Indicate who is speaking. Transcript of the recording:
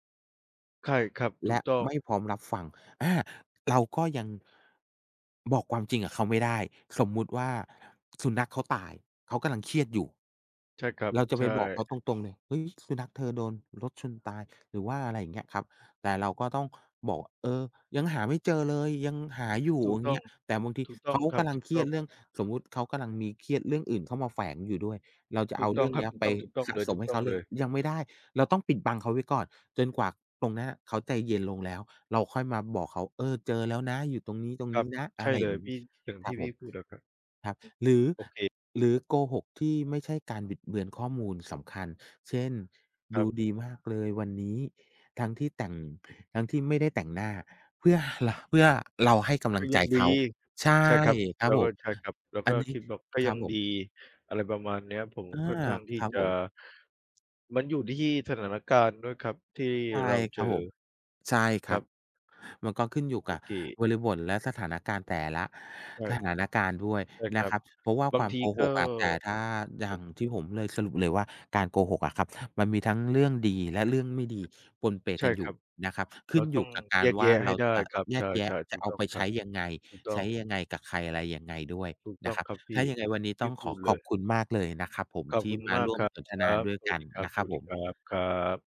Speaker 1: ไข้ครับ ถ
Speaker 2: แล
Speaker 1: ู
Speaker 2: ะ
Speaker 1: กต้อง
Speaker 2: ไม่พร้อมรับฟัง อ่า เราก็ยัง บอกความจริงกับเขาไม่ได้ สมมุติว่าสุนัขเขาตาย เขากำลังเครียดอยู่
Speaker 1: ใช่ครับ
Speaker 2: เราจะ
Speaker 1: ใช
Speaker 2: ไป
Speaker 1: ่
Speaker 2: บอกเขาตรง ๆ เลย "เฮ้ย สุนัขเธอโดนรถชนตาย" หรือว่า อะไรอย่างเงี้ยครับ แต่เราก็ต้องบอกว่า "เออ ยังหาไม่เจอเลย ยังหาอยู่"
Speaker 1: ถู
Speaker 2: อ
Speaker 1: ก
Speaker 2: ย่
Speaker 1: ต
Speaker 2: าง
Speaker 1: ้
Speaker 2: เง
Speaker 1: อ
Speaker 2: ี้
Speaker 1: ง
Speaker 2: ย แต่บางที
Speaker 1: ถูกต้
Speaker 2: เข
Speaker 1: อง
Speaker 2: า
Speaker 1: ครั
Speaker 2: ก
Speaker 1: บ
Speaker 2: ำลั
Speaker 1: ถ
Speaker 2: ง
Speaker 1: ูก
Speaker 2: เครี
Speaker 1: ต
Speaker 2: ย
Speaker 1: ้อ
Speaker 2: ด
Speaker 1: ง
Speaker 2: เรื่อง สมมติเขากำลังมีเครียดเรื่องอื่นเข้ามาแฝงอยู่ด้วย เราจะ
Speaker 1: ถ
Speaker 2: เอ
Speaker 1: ู
Speaker 2: า
Speaker 1: กต
Speaker 2: เร
Speaker 1: ้
Speaker 2: ื
Speaker 1: อ
Speaker 2: ่
Speaker 1: ง
Speaker 2: อง
Speaker 1: ค
Speaker 2: เ
Speaker 1: ร
Speaker 2: น
Speaker 1: ั
Speaker 2: ี
Speaker 1: บ
Speaker 2: ้ย
Speaker 1: ถูก
Speaker 2: ไป
Speaker 1: ต้อง
Speaker 2: ส
Speaker 1: ๆ
Speaker 2: ะ
Speaker 1: เลย
Speaker 2: ส
Speaker 1: ถ
Speaker 2: ม
Speaker 1: ู
Speaker 2: ใ
Speaker 1: ก
Speaker 2: ห้
Speaker 1: ต
Speaker 2: เ
Speaker 1: ้อ
Speaker 2: ขา
Speaker 1: ง
Speaker 2: เ
Speaker 1: เ
Speaker 2: ล
Speaker 1: ล
Speaker 2: ย
Speaker 1: ย
Speaker 2: ยังไม่ได้ เราต้องปิดบังเขาไว้ก่อน จนกว่าตรงนั้นอะเขาใจเย็นลงแล้ว เราค่อยมาบอกเขา "เออ เจอแล้วนะ อยู่ตรงนี้
Speaker 1: ครับ
Speaker 2: ๆ นะ" อ
Speaker 1: ใช
Speaker 2: ะไ
Speaker 1: ่
Speaker 2: รอ
Speaker 1: เ
Speaker 2: ย
Speaker 1: ล
Speaker 2: ่าง
Speaker 1: ย
Speaker 2: ง
Speaker 1: พ
Speaker 2: ี้
Speaker 1: ี่ อย่าง
Speaker 2: คร
Speaker 1: ท
Speaker 2: ั
Speaker 1: ี
Speaker 2: บ
Speaker 1: ่
Speaker 2: ผ
Speaker 1: พี่
Speaker 2: ม
Speaker 1: พูดอะครับ
Speaker 2: ครับ
Speaker 1: อืม
Speaker 2: หรือ
Speaker 1: โอเค
Speaker 2: หรือโกหกที่ไม่ใช่การบิดเบือนข้อมูลสำคัญ เช่น ด
Speaker 1: ครั
Speaker 2: ู
Speaker 1: บ
Speaker 2: ดีมากเลยวันนี้ ทั้งที่แต่ง ทั้งที่ไม่ได้แต่งหน้า เพื่อ ห ร เพื่อเราให้กำล
Speaker 1: ก
Speaker 2: ั
Speaker 1: ็
Speaker 2: ง
Speaker 1: ย
Speaker 2: ใจ
Speaker 1: ังด
Speaker 2: เขา
Speaker 1: ี
Speaker 2: ใช่
Speaker 1: ใช่ครับ
Speaker 2: คร
Speaker 1: เ
Speaker 2: ั
Speaker 1: ร
Speaker 2: บ
Speaker 1: า
Speaker 2: ผ
Speaker 1: ก็
Speaker 2: ม
Speaker 1: ใช่ครับ เรา
Speaker 2: อ
Speaker 1: ก
Speaker 2: ั
Speaker 1: ็
Speaker 2: นนี
Speaker 1: ค
Speaker 2: ้
Speaker 1: ิดแบบก็
Speaker 2: ค
Speaker 1: ย
Speaker 2: รั
Speaker 1: ั
Speaker 2: บ
Speaker 1: ง
Speaker 2: ผ
Speaker 1: ดี
Speaker 2: ม
Speaker 1: อะไรประมาณเนี้ย ผม
Speaker 2: อา
Speaker 1: ค่อนข้างที่
Speaker 2: ครับ
Speaker 1: จะ
Speaker 2: ผม
Speaker 1: มันอยู่ที่สถานการณ์ด้วยครับ ที่
Speaker 2: ใช่
Speaker 1: เรา
Speaker 2: ค
Speaker 1: เจ
Speaker 2: รับผ
Speaker 1: อ
Speaker 2: ม ใช่ค
Speaker 1: ค
Speaker 2: ร
Speaker 1: รั
Speaker 2: ับ
Speaker 1: บ
Speaker 2: มันก็ขึ้นอยู่ก
Speaker 1: โอ
Speaker 2: ับ
Speaker 1: เค
Speaker 2: บริบท และสถานการณ์แต่ละ
Speaker 1: ใช่
Speaker 2: สถานการณ์ด้วย
Speaker 1: ใช่ค
Speaker 2: น
Speaker 1: ร
Speaker 2: ะ
Speaker 1: ั
Speaker 2: ค
Speaker 1: บ
Speaker 2: รับ เพราะว่า
Speaker 1: บา
Speaker 2: ค
Speaker 1: ง
Speaker 2: วาม
Speaker 1: ที
Speaker 2: โก
Speaker 1: ก
Speaker 2: ห
Speaker 1: ็
Speaker 2: กอะ แต่ถ้าอย
Speaker 1: แ
Speaker 2: ่
Speaker 1: บ
Speaker 2: า
Speaker 1: บ
Speaker 2: งที่ผมเลย สรุปเลยว่าการโกหกอะครับ มันมีทั้งเรื่องดี และเรื่องไม่ดีปนเป
Speaker 1: ใช
Speaker 2: ก
Speaker 1: ่
Speaker 2: ันอย
Speaker 1: คร
Speaker 2: ู่
Speaker 1: ับ
Speaker 2: นะครับ ข
Speaker 1: เร
Speaker 2: ึ้
Speaker 1: า
Speaker 2: นอ
Speaker 1: ต
Speaker 2: ย
Speaker 1: ้อ
Speaker 2: ู่
Speaker 1: ง
Speaker 2: กับกา
Speaker 1: แย
Speaker 2: ร
Speaker 1: ก
Speaker 2: ว
Speaker 1: แย
Speaker 2: ่
Speaker 1: ะ
Speaker 2: า
Speaker 1: ใ
Speaker 2: เ
Speaker 1: ห
Speaker 2: ร
Speaker 1: ้
Speaker 2: า
Speaker 1: ได้
Speaker 2: จะ
Speaker 1: ครับ
Speaker 2: แย
Speaker 1: ใ
Speaker 2: กแย
Speaker 1: ช
Speaker 2: ะ
Speaker 1: ่ ๆ
Speaker 2: จ
Speaker 1: ถ
Speaker 2: ะ
Speaker 1: ูก
Speaker 2: เอา
Speaker 1: ต้อ
Speaker 2: ไ
Speaker 1: ง
Speaker 2: ป
Speaker 1: ค
Speaker 2: ใช
Speaker 1: รั
Speaker 2: ้
Speaker 1: บ
Speaker 2: ยังไง
Speaker 1: ถูกต้
Speaker 2: ใช
Speaker 1: อ
Speaker 2: ้
Speaker 1: ง
Speaker 2: ยังไงกับใคร อะไรยังไงด้วย
Speaker 1: ถูกต
Speaker 2: น
Speaker 1: ้
Speaker 2: ะ
Speaker 1: อง
Speaker 2: ครับ
Speaker 1: ครับพ
Speaker 2: ถ้
Speaker 1: ี
Speaker 2: า
Speaker 1: ่
Speaker 2: ยังไงวันนี้
Speaker 1: ท
Speaker 2: ต้
Speaker 1: ี่
Speaker 2: อง
Speaker 1: พ
Speaker 2: ข
Speaker 1: ู
Speaker 2: อ
Speaker 1: ดเ
Speaker 2: ข
Speaker 1: ล
Speaker 2: อบ
Speaker 1: ย
Speaker 2: คุณมากเลยนะครับผม
Speaker 1: ขอ
Speaker 2: ท
Speaker 1: บ
Speaker 2: ี
Speaker 1: ค
Speaker 2: ่
Speaker 1: ุณ
Speaker 2: มา
Speaker 1: มา
Speaker 2: ร
Speaker 1: ก
Speaker 2: ่ว
Speaker 1: ค
Speaker 2: ม
Speaker 1: รับ
Speaker 2: สนท
Speaker 1: ค
Speaker 2: น
Speaker 1: ร
Speaker 2: า
Speaker 1: ับ
Speaker 2: ด้วย
Speaker 1: ส
Speaker 2: ก
Speaker 1: วั
Speaker 2: ั
Speaker 1: ส
Speaker 2: น
Speaker 1: ดีครั
Speaker 2: นะครับผม
Speaker 1: บ ๆ ครับ